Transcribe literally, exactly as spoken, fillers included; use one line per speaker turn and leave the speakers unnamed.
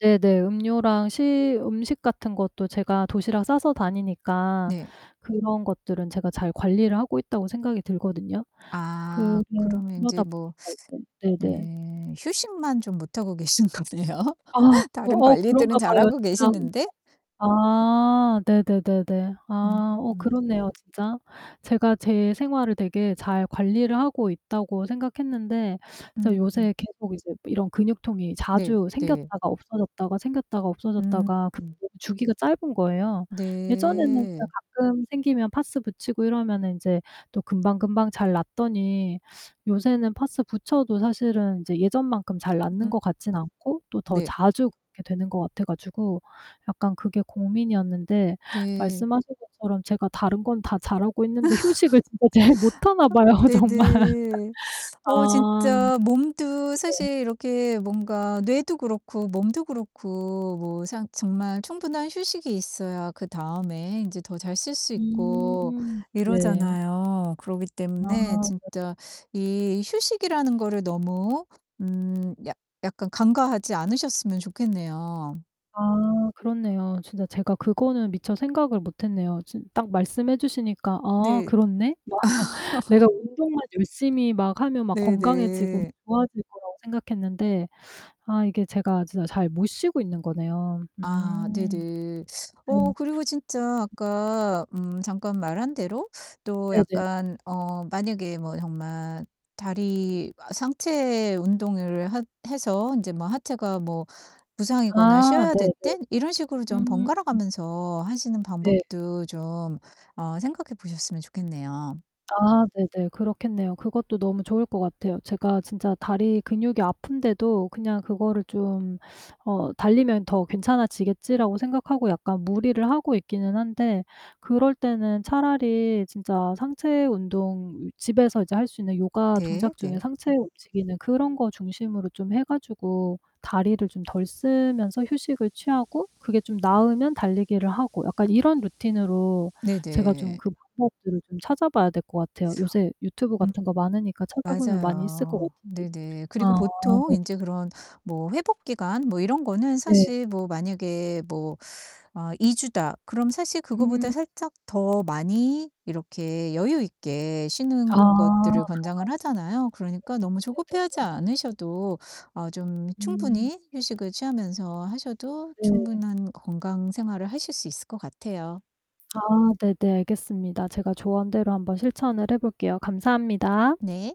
네네. 음료랑 시 음식 같은 것도 제가 도시락 싸서 다니니까
네.
그런 것들은 제가 잘 관리를 하고 있다고 생각이 들거든요. 그러
아 그러면 인제
그러다
뭐
보니까 이제 네네.
네. 휴식만 좀 못 하고 계신 거네요
아. 그
다른
어 그런가
관리들은
봐요,
잘하고
진짜. [unintelligible]
계시는데?
아 네네네네. 아 어
음.
그렇네요, 진짜. 제가 제 생활을 되게 잘 관리를 하고 있다고 생각했는데 진짜
음.
요새 계속 이제 이런 근육통이
네
자주
네.
생겼다가 없어졌다가 생겼다가
음.
없어졌다가 그 [unintelligible] 주기가 짧은 거예요. 예전에는 그냥
네.
가끔 생기면 파스 붙이고 이러면은 인제 또 금방금방 잘 낫더니 요새는 파스 붙여도 사실은 이제 예전만큼 잘 낫는
음.
것 같지는 않고 또 더
네.
자주 이렇게 되는 것 같아가지고 약간 그게 고민이었는데
네.
말씀하신 것처럼 제가 다른 건 다 잘하고 있는데 휴식을 진짜 잘 못 하나 봐요. 정말.
네네. 어
아
진짜 몸도
네.
사실 이렇게 뭔가 뇌도 그렇고 몸도 그렇고 뭐 상 정말 충분한 휴식이 있어야 그다음에 인제 더 잘 쓸 수 있고
음 네.
이러잖아요. 그러기 때문에
아. 네.
진짜 이 휴식이라는 거를 너무 음 약 약간 간과하지 않으셨으면 좋겠네요.
아 그렇네요. 진짜 제가 그거는 미처 생각을 못 했네요. 진 딱 말씀해 주시니까 '아,
네.
그렇네?' 막 내가 운동만 열심히 막 하면 막 건강해지고
네네.
좋아질 거라고 생각했는데 아 이게 제가 진짜 잘 못 쉬고 있는 거네요.
아
음.
네네. 어
네.
그리고 진짜 아까 음 잠깐 말한 대로 또
네네.
약간 어 만약에 뭐 정말 다리 아 상체 운동을 하 해서 인제 뭐 하체가 뭐 부상이거나
아
쉬어야 될
네네.
땐 이런 식으로 좀
음.
번갈아가면서 하시는
네.
방법도 좀 어 생각해 보셨으면 좋겠네요.
아 네네. 그렇겠네요. 그것도 너무 좋을 것 같아요. 제가 진짜 다리 근육이 아픈데도 그냥 그거를 좀 어 '달리면 더 괜찮아지겠지.'라고 생각하고 약간 무리를 하고 있기는 한데 그럴 때는 차라리 진짜 상체 운동 이 집에서 이제 할 수 있는 요가
네
동작 중에
네.
상체 움직이는 그런 거 중심으로 좀 해 가지고 다리를 좀 덜 쓰면서 휴식을 취하고 그게 좀 나으면 달리기를 하고 약간 이런 루틴으로 제가 좀
네네.
그 방법들을 좀 찾아봐야 될 것 같아요. 요새 유튜브
음.
같은 거 많으니까 찾아보면 많이 있을 것
맞아요.
같은데
네네. 그리고
아
보통
네네.
인제 그런 뭐 회복 기간 뭐 이런 거는
네.
사실 뭐 만약에 뭐 어 '이 주다.' 그럼 사실 그거보다
음.
살짝 더 많이 이렇게 여유 있게
아
쉬는
그런가요.
것들을 권장을 하잖아요. 그러니까 너무 조급해하지
[unintelligible] 네네네.
않으셔도 어 좀
음.
충분히 휴식을 취하면서 하셔도
네.
충분한 건강 생활을 하실 수 있을 것 같아요.
아 네네 알겠습니다. 제가 조언대로 한번 실천을 해 볼게요. 감사합니다.
네.